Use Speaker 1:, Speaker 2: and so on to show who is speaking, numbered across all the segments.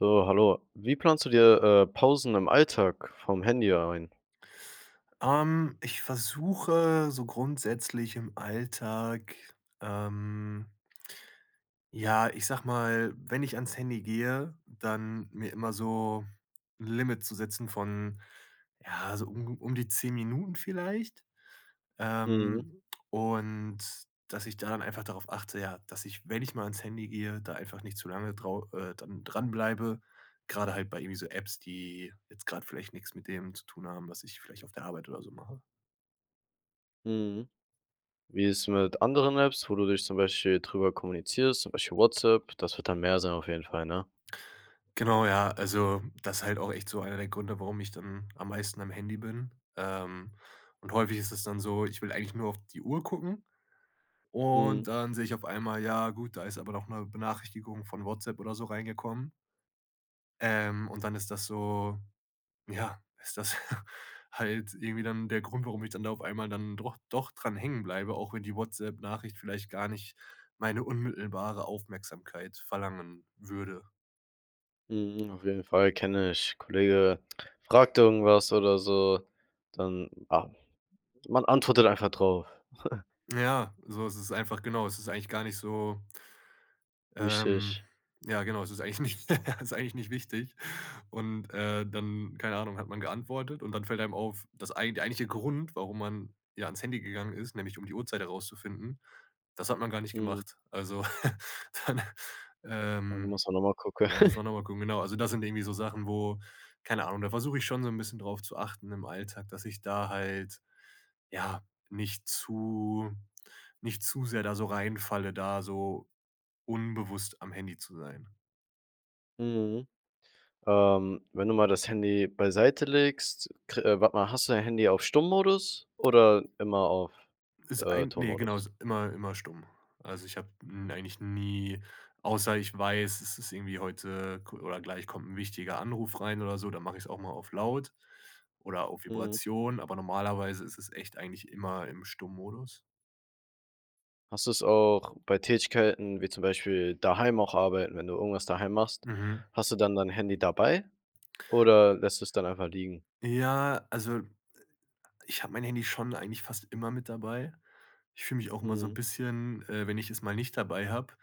Speaker 1: So, hallo. Wie planst du dir, äh, Pausen im Alltag vom Handy ein?
Speaker 2: Ähm, ich versuche so grundsätzlich im Alltag, ähm ja, ich sage mal, wenn ich ans Handy gehe, dann mir immer so 'n Limit zu setzen von, ja, also un um die 10 Minuten vielleicht?
Speaker 1: Mhm.
Speaker 2: Ähm, und dass ich da dann einfach darauf achte, ja, dass ich, wenn ich mal ans Handy gehe, da einfach nicht zu lange drau äh, dann dran bleibe, grade halt bei irgendwie so Apps, die jetzt grade vielleicht nix mit dem zu tun haben, was ich vielleicht auf der Arbeit oder so mache.
Speaker 1: Mhm. Wie ist mit anderen Apps, wo du dich zum Beispiel drüber kommunizierst, zum Beispiel WhatsApp? Das wird dann mehr sein auf jeden Fall, ne?
Speaker 2: Genau, ja. Also das ist halt auch echt so einer der Gründe, warum ich dann am meisten am Handy bin. Ähm, und häufig ist es dann so: Ich will eigentlich nur auf die Uhr gucken
Speaker 1: Mhm.
Speaker 2: und dann sehe ich auf einmal: Ja gut, da ist aber doch 'ne Benachrichtigung von WhatsApp oder so reingekommen. Ähm, und dann ist das so, ja ist das halt irgendwie dann der Grund, warum ich dann da auf einmal dann doch doch dran hängen bleibe, auch wenn die WhatsApp-Nachricht vielleicht gar nicht meine unmittelbare Aufmerksamkeit verlangen würde.
Speaker 1: Mhm, auf jeden Fall, kenne ich. Kollege fragt irgendwas oder so, dann ah, man antwortet einfach drauf.
Speaker 2: Ja, so, es ist einfach, genau es ist eigentlich gar nicht so ähm,
Speaker 1: Wichtig.
Speaker 2: ja, genau, es ist eigentlich nicht es ist eigentlich nicht wichtig. Und, äh, dann, keine Ahnung, hat man geantwortet und dann fällt einem auf, das ei der eigentliche Grund, warum man, ja, ans Handy gegangen ist, nämlich um die Uhrzeit rauszufinden, das hat man gar nicht
Speaker 1: Mhm.
Speaker 2: gemacht. Also dann,
Speaker 1: Ja, da
Speaker 2: ähm,
Speaker 1: musst man nochmal gucken.
Speaker 2: ja, muss man noch mal gucken, genau. Also das sind irgendwie so Sachen, wo keine Ahnung, da versuche ich schon so 'n bisschen drauf zu achten im Alltag, dass ich da halt, ja, nicht zu nicht zu sehr da so reinfalle, da so unbewusst am Handy zu sein.
Speaker 1: Mhm. Ähm, wenn du mal das Handy beiseite legst, kr warte mal, hast du dein Handy auf Stummmodus oder immer auf,
Speaker 2: Ist
Speaker 1: äh,
Speaker 2: ein ne, genau,
Speaker 1: Tonmodus?
Speaker 2: ist immer immer stumm. Also ich habe n eigentlich nie außer ich weiß, es ist irgendwie heute ku oder gleich kommt 'n wichtiger Anruf rein oder so, da mache ich's auch mal auf Laut oder auf
Speaker 1: Mhm.
Speaker 2: Vibration, aber normalerweise ist es echt eigentlich immer im Stummodus.
Speaker 1: Hast du es auch bei Tätigkeiten wie zum Beispiel daheim auch arbeiten wenn du irgendwas daheim machst,
Speaker 2: Mhm.
Speaker 1: hast du dann dein Handy dabei, oder lässt du es dann einfach liegen?
Speaker 2: Ja, also ich habe mein Handy schon eigentlich fast immer mit dabei. Ich fühle mich auch immer so 'n
Speaker 1: Mhm.
Speaker 2: bisschen, äh wenn ich es mal nicht dabei habe,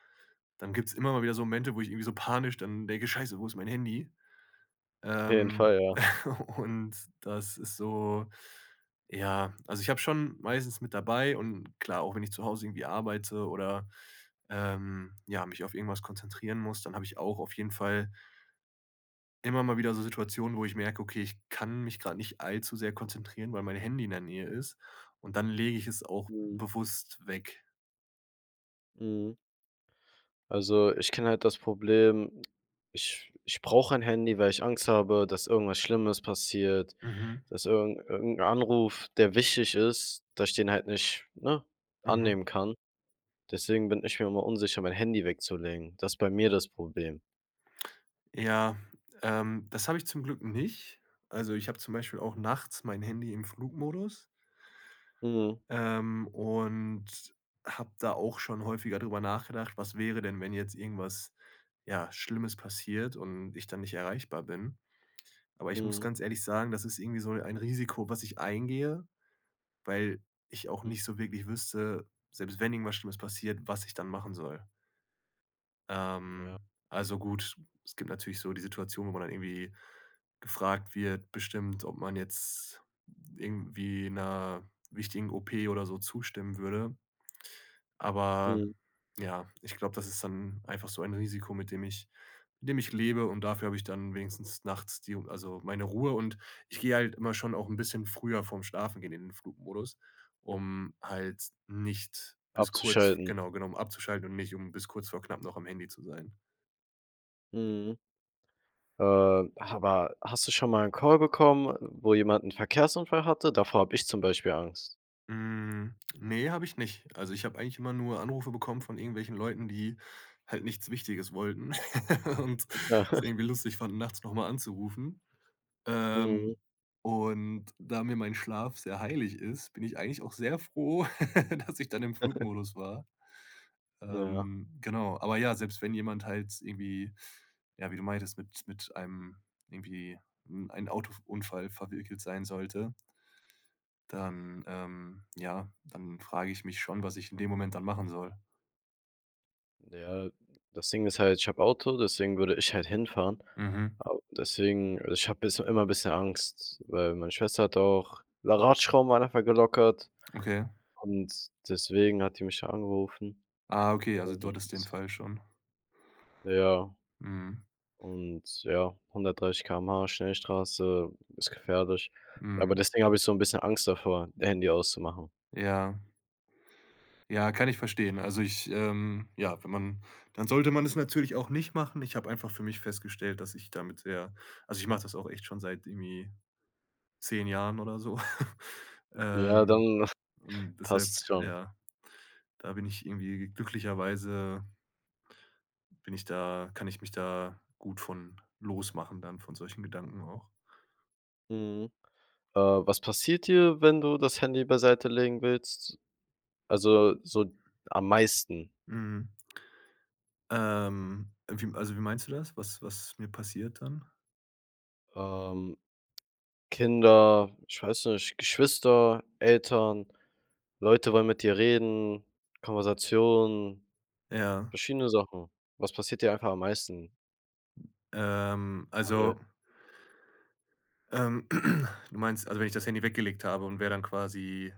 Speaker 2: dann gibt's immer mal wieder so Momente, wo ich irgendwie so panisch dann denke: „Scheiße, wo ist mein Handy?“
Speaker 1: Auf jeden
Speaker 2: Ähm,
Speaker 1: Fall, ja.
Speaker 2: und das ist so, ja Also ich habe es schon meistens mit dabei, und, klar, auch wenn ich zu Hause irgendwie arbeite oder, ähm, ja, mich auf irgendwas konzentrieren muss, dann habe ich auch auf jeden Fall immer mal wieder so Situationen, wo ich merke: „Okay, ich kann mich grade nicht allzu sehr konzentrieren, weil mein Handy in der Nähe ist.“ Und dann lege ich es auch
Speaker 1: Mhm.
Speaker 2: bewusst weg.
Speaker 1: Mhm. Also, ich kenne halt das Problem. Ich ich brauche ein Handy, weil ich Angst habe, dass irgendwas Schlimmes passiert,
Speaker 2: Mhm.
Speaker 1: dass irgend irgend 'n Anruf, der wichtig ist dass ich den halt nicht, ne,
Speaker 2: Mhm.
Speaker 1: annehmen kann. Deswegen bin ich mir immer unsicher, mein Handy wegzulegen. Das ist bei mir das Problem.
Speaker 2: Ja, ähm, das habe ich zum Glück nicht. Also ich habe zum Beispiel auch nachts mein Handy im Flugmodus.
Speaker 1: Mhm.
Speaker 2: Ähm, und habe da auch schon häufiger drüber nachgedacht. Was wäre denn, wenn jetzt irgendwas, ja, Schlimmes passiert und ich dann nicht erreichbar bin? Aber ich muss
Speaker 1: Mhm.
Speaker 2: ganz ehrlich sagen. Das ist irgendwie so ein Risiko, was ich eingehe, weil ich auch
Speaker 1: Mhm.
Speaker 2: nicht so wirklich wüsste, selbst wenn irgendwas Schlimmes passiert, was ich dann machen soll.
Speaker 1: Ja.
Speaker 2: Ähm, also gut, es gibt natürlich so die Situation, wo man dann irgendwie gefragt wird, bestimmt, ob man jetzt irgendwie 'ner wichtigen OP oder so zustimmen würde. Aber,
Speaker 1: Mhm.
Speaker 2: ja, ich glaube, das ist dann einfach so ein Risiko, mit dem ich mit dem ich lebe, und dafür habe ich dann wenigstens nachts die also meine Ruhe. Und ich gehe halt immer schon auch 'n bisschen früher vorm Schlafengehen in den Flugmodus, um halt nicht bis kurz v
Speaker 1: Abzuschalten.
Speaker 2: genau genau, um abzuschalten und nicht um bis kurz vor knapp noch am Handy zu sein.
Speaker 1: Mhm. Äh, aber hast du schon mal 'n Call bekommen, äh, wo jemand 'n Verkehrsunfall hatte? Davor habe ich zum Beispiel Angst.
Speaker 2: Hm, ne, habe ich nicht. Also ich habe eigentlich immer nur Anrufe bekommen von irgendwelchen Leuten, die halt nichts Wichtiges wollten. Und
Speaker 1: Klar.
Speaker 2: es irgendwie lustig fanden, nachts noch mal anzurufen.
Speaker 1: Mhm.
Speaker 2: Ähm, und da mir mein Schlaf sehr heilig ist, bin ich eigentlich auch sehr froh, dass ich dan im Flugmodus war.
Speaker 1: Ja.
Speaker 2: Ähm, genau. Aber ja, selbst wenn jemand halt irgendwie, ja, wie du meintest, mit mit einem irgendwie in ein Autof Unfall verwickelt sein sollte dann, ähm, ja dann frage ich mich schon, was ich in dem Moment dann machen soll.
Speaker 1: Ja, das Ding ist halt, ich habe Auto, deswegen würde ich halt hinfahren.
Speaker 2: Mhm.
Speaker 1: Ab deswegen, äh ich habe jetzt immer bisschen Angst, weil meine Schwester hatte auch, la Radschrauben waren einfach gelockert
Speaker 2: Okay?
Speaker 1: und deswegen hat die mich da angerufen.
Speaker 2: Ah, okay, also
Speaker 1: Und
Speaker 2: du hattest den Fall schon.
Speaker 1: Ja
Speaker 2: Mhm.
Speaker 1: und ja, 130 km/h Schnellstraße ist gefährlich. Aber
Speaker 2: Mhm.
Speaker 1: deswegen habe ich so 'n bisschen Angst davor, Handy auszumachen.
Speaker 2: Ja. Ja, kann ich verstehen. Also ich, ähm ja, wenn man dann sollte man es natürlich auch nicht machen. Ich habe einfach für mich festgestellt, dass ich damit sehr also, ich mach das auch echt schon seit irgendwie 10 Jahren oder so.
Speaker 1: Ja,
Speaker 2: Ähm,
Speaker 1: dann
Speaker 2: und deshalb,
Speaker 1: passt's schon.
Speaker 2: ja da bin ich irgendwie glücklicherweise bin ich da kann ich mich da gut von losmachen dann von solchen Gedanken auch.
Speaker 1: Mhm. Äh, was passiert dir, wenn du das Handy beiseite legen willst? Also, so, am meisten.
Speaker 2: Mhm. Ähm, wie m also wie meinst du das, was was mir passiert dann?
Speaker 1: Ähm, Kinder ich weiß nicht, Geschwister, Eltern, Leute wollen mit dir reden. Konversation,
Speaker 2: Ja.
Speaker 1: verschiedene Sachen. Was passiert dir einfach am meisten?
Speaker 2: Ähm,
Speaker 1: [unintelligible]
Speaker 2: also ähm, du meinst, also wenn ich das Handy weggelegt habe und wer dann quasi,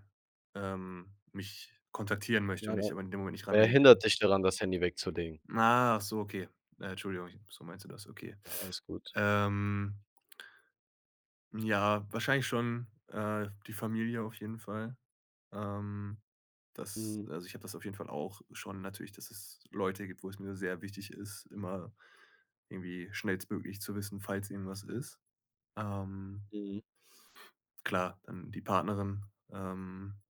Speaker 2: ähm, mich kontaktieren möchte
Speaker 1: Nein,
Speaker 2: und
Speaker 1: nein.
Speaker 2: ich aber in dem Moment nicht
Speaker 1: Wer
Speaker 2: rangehen kann.
Speaker 1: hindert dich daran, das Handy wegzulegen?
Speaker 2: Achso okay. Äh, Entschuldigung, ich so meinst du das. Okay.
Speaker 1: Ja, alles gut.
Speaker 2: Ähm Ja, wahrscheinlich schon, äh, die Familie auf jeden Fall. Ähm, das
Speaker 1: Mhm.
Speaker 2: also ich habe das auf jeden Fall auch schon natürlich, dass es Leute gibt, wo es mir sehr wichtig ist, immer irgendwie schnellstmöglich zu wissen, falls irgendwas ist, ähm
Speaker 1: Mhm.
Speaker 2: Klar, dann die Partnerin, ähm,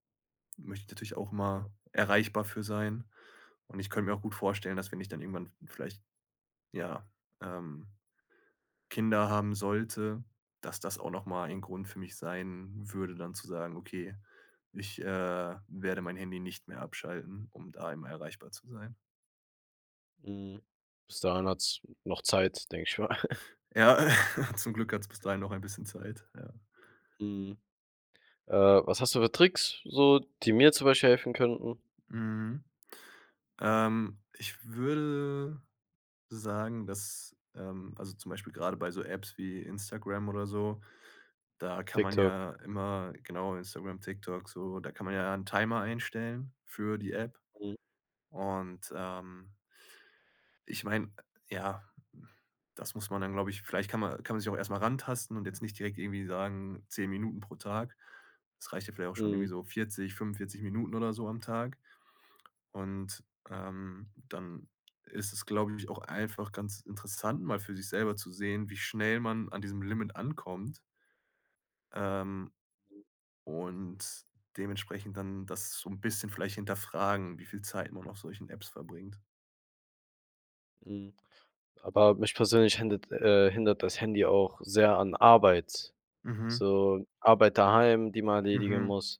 Speaker 2: möchte ich natürlich auch
Speaker 1: Ja.
Speaker 2: mal erreichbar für sein. Und ich könnte mir auch gut vorstellen, dass wenn ich dann irgendwann v vielleicht, ja, ähm, Kinder haben sollte, dass das auch noch mal ein Grund für mich sein würde dann zu sagen: „Okay, ich, äh, werde mein Handy nicht mehr abschalten, um da immer erreichbar zu sein.“
Speaker 1: Mhm. Bis dahin hat's noch Zeit, denke ich mal.
Speaker 2: Ja, äh, zum Glück hat's bis dahin noch ein bisschen Zeit, ja.
Speaker 1: Mhm. Äh, was hast du für Tricks, so, die mir zum Beispiel helfen könnten?
Speaker 2: Mhm. Ähm, ich würde sagen, dass, ähm also zum Beispiel grade bei so Apps wie Instagram oder so, da kann man
Speaker 1: TikTok.
Speaker 2: ja immer genau, Instagram, TikTok, so, da kann man ja 'n Timer einstellen für die App.
Speaker 1: Mhm.
Speaker 2: Und, ähm ich meine, ja, das muss man dann, glaube ich vielleicht kann ma kann man sich auch erst mal rantasten und jetzt nicht direkt irgendwie sagen: „10 Minuten pro Tag.“ Es reicht ja vielleicht auch schon irgendwie
Speaker 1: Mhm.
Speaker 2: so 40, 45 Minuten oder so am Tag. Und, ähm, dann ist es, glaube ich, auch einfach ganz interessant, mal für sich selber zu sehen, wie schnell man an diesem Limit ankommt ähm, und dementsprechend dann das so 'n bisschen vielleicht hinterfragen, wie viel Zeit man auf solchen Apps verbringt.
Speaker 1: Mhm. Aber mich persönlich hindert, äh hindert das Handy auch sehr an Arbeit.
Speaker 2: Mhm.
Speaker 1: So, Arbeit daheim, die man erledigen
Speaker 2: Mhm.
Speaker 1: muss.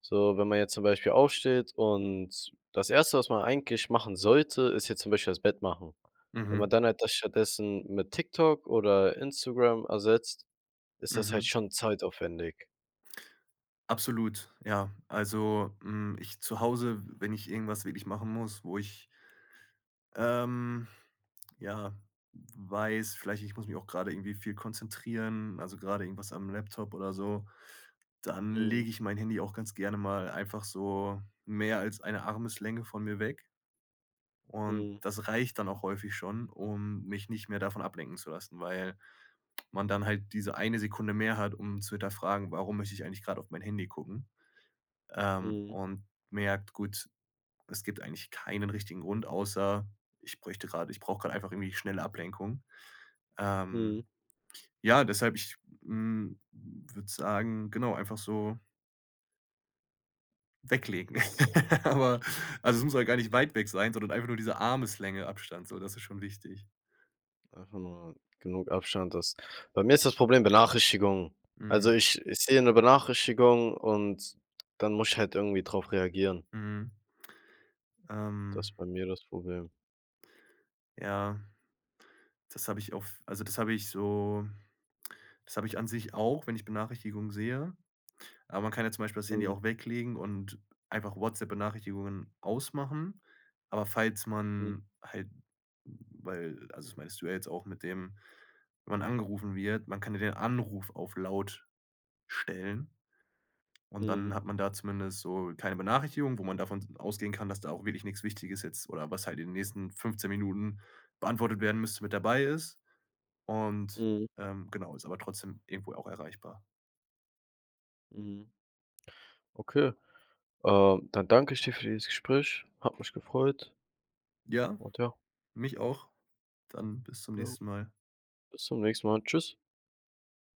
Speaker 1: So, wenn man jetzt zum Beispiel aufsteht und das Erste, was man eigentlich machen sollte, ist jetzt zum Beispiel das Bett machen. Wenn
Speaker 2: Mhm.
Speaker 1: man dann halt das stattdessen mit TikTok oder Instagram ersetzt, ist das halt
Speaker 2: Mhm.
Speaker 1: schon zeitaufwendig.
Speaker 2: Absolut, ja. Also, hm, ich zu Hause, wenn ich irgendwas wirklich machen muss, wo ich ähm, ja, weiß, vielleicht, ich muss mich auch grade irgendwie viel konzentrieren, also grade irgendwas am Laptop oder so, dann
Speaker 1: Mhm.
Speaker 2: lege ich mein Handy auch ganz gerne mal einfach so mehr als eine Armeslänge von mir weg. Und
Speaker 1: Mhm.
Speaker 2: das reicht dann auch häufig schon, um mich nicht mehr davon ablenken zu lassen, weil man dann halt diese eine Sekunde mehr hat, um zu hinterfragen: „Warum möchte ich eigentlich grade auf mein Handy gucken?“ Ähm,
Speaker 1: Mhm.
Speaker 2: und merkt: „Gut, es gibt eigentlich keinen richtigen Grund, außer: Ich bräuchte grade ich brauche grad einfach irgendwie schnelle Ablenkung.“ Ähm,
Speaker 1: Mhm.
Speaker 2: ja, deshalb ich, hm, würde sagen genau, einfach so weglegen. Aber also es muss ja gar nicht weit weg sein, sondern einfach nur diese Armeslänge Abstand, so, das ist schon wichtig.
Speaker 1: Einfach nur genug Abstand, dass Bei mir ist das Problem Benachrichtigungen. Also
Speaker 2: Mhm.
Speaker 1: ich ich sehe 'ne Benachrichtigung, und dann muss ich halt irgendwie drauf reagieren.
Speaker 2: Mhm.
Speaker 1: Das
Speaker 2: Ähm
Speaker 1: ist bei mir das Problem.
Speaker 2: Ja. Das habe ich auf also das habe ich so das habe ich an sich auch, wenn ich Benachrichtigungen sehe. Aber man kann ja zum Beispiel das Handy
Speaker 1: Mhm.
Speaker 2: auch weglegen und einfach WhatsApp-Benachrichtigungen ausmachen. Aber falls
Speaker 1: Mhm.
Speaker 2: man halt weil also das meintest du ja jetzt auch mit dem wenn man angerufen wird, man kann ja den Anruf auf Laut stellen und
Speaker 1: Mhm.
Speaker 2: dann hat man da zumindest so keine Benachrichtigung, wo man davon s ausgehen kann, dass da auch wirklich nix Wichtiges jetzt oder was halt in den nächsten 15 Minuten beantwortet werden müsste, mit dabei ist, und,
Speaker 1: Mhm.
Speaker 2: ähm, genau, ist aber trotzdem irgendwo auch erreichbar.
Speaker 1: Mhm. Okay. Ähm, dann danke ich dir für dieses Gespräch. Hat mich gefreut.
Speaker 2: Ja,
Speaker 1: Und ja.
Speaker 2: mich auch. Dann bis zum
Speaker 1: Jo.
Speaker 2: nächsten Mal.
Speaker 1: Bis zum nächsten Mal. Tschüss.